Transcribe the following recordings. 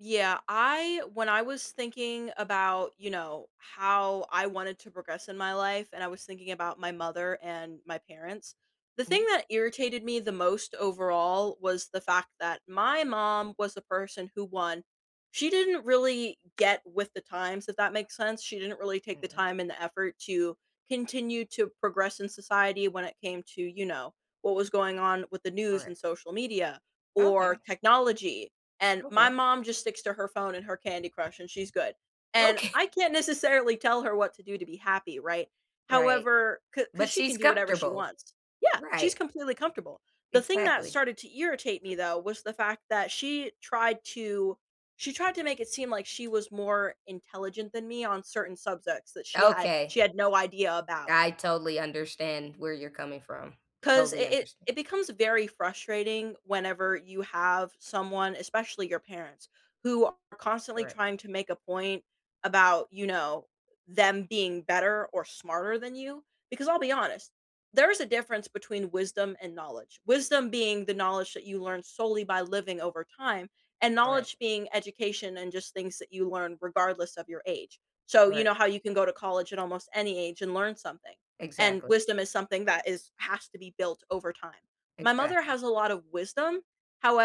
Yeah, I when I was thinking about, you know, how I wanted to progress in my life, and I was thinking about my mother, and my parents. The thing Mm. that irritated me the most, overall, was the fact that my mom was the person who won. She didn't really get with the times, if that makes sense? She didn't really take the [unintelligible] time and the effort to continue to progress in society when it came to, you know, what was going on with the news, Correct. and social media, or Okay. technology, and my Okay. mom just sticks to her phone and her candy crush, and she's good, and Okay. I can't necessarily tell her what to do to be happy, right? Right. However ca 'cause But, she she's can do whatever she comfortable. wants Yeah! She's Right. completely comfortable, the thing that Exactly. started to irritate me, though, was the fact that she tried to she tried to make it seem like she was more intelligent than me on certain subjects that she had Okay. she had no idea about. I totally understand where you're coming from. 'Cause Totally it it understand. it becomes very frustrating whenever you have someone- especially your parents- who are constantly Correct. trying to make a point about, you know, them being better or smarter than you, because I'll be honest, there is a difference between wisdom and knowledge, wisdom being the knowledge that you learn solely by living over time, and Correct. knowledge being education and just things that you learn, regardless of your age, so you Correct. know, how you can go to college at almost any age and learn something. And, Exactly. wisdom is something that is has to be built over time. My mother Exactly. has a lot of wisdom,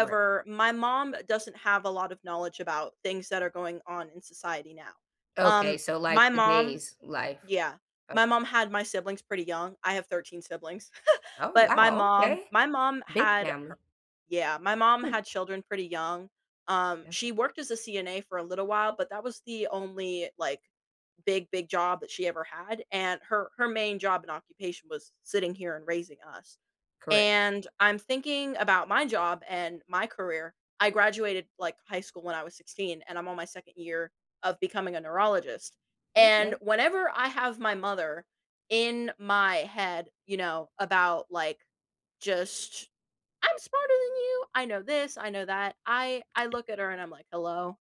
Correct. my mom doesn't have a lot of knowledge about things that are going on in society now, um, Okay, so, like, my mom today's life? Yeah, my Okay. mom had my siblings pretty young, I have 13 siblings. Oh, But, my wow, mom okay. my mom Big had family. her Yeah, my mom had children pretty young, um, she [unintelligible] worked as a CNA for a little while, but that was the only, like, big, big job that she ever had, and her her main job and occupation was sitting here and raising us, Correct. and I'm thinking about my job and my career I graduated, like, high school when I was 16, and I'm on my second year of becoming a neurologist, and Okay. whenever I have my mother in my head, you know, about, like, just "I'm smarter than you. I know 'this', I know 'that'." I I look at her and I'm like, "Hello?"